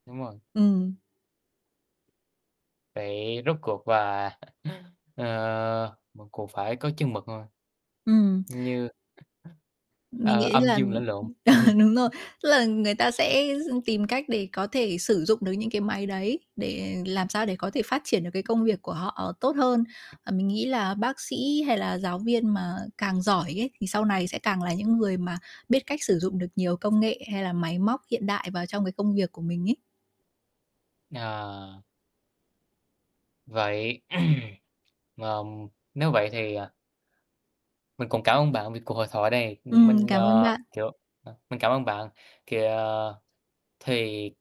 Đúng rồi. Ừm. Vậy rốt cuộc và, ờ, mình cũng phải có chừng mực thôi. Ừm. Như Mình ờ, nghĩ âm là dương lẫn lộn. đúng rồi, tức là người ta sẽ tìm cách để có thể sử dụng được những cái máy đấy, để làm sao để có thể phát triển được cái công việc của họ tốt hơn. Ờ, mình nghĩ là bác sĩ hay là giáo viên mà càng giỏi ấy thì sau này sẽ càng là những người mà biết cách sử dụng được nhiều công nghệ hay là máy móc hiện đại vào trong cái công việc của mình ấy. À. Vậy, ờ, nếu vậy thì, à Mình cũng cảm ơn bạn vì cuộc hội thoại này. Ừm, Mình, cảm ơn à, bạn. kiểu, ờ, mình cảm ơn bạn, kìa thì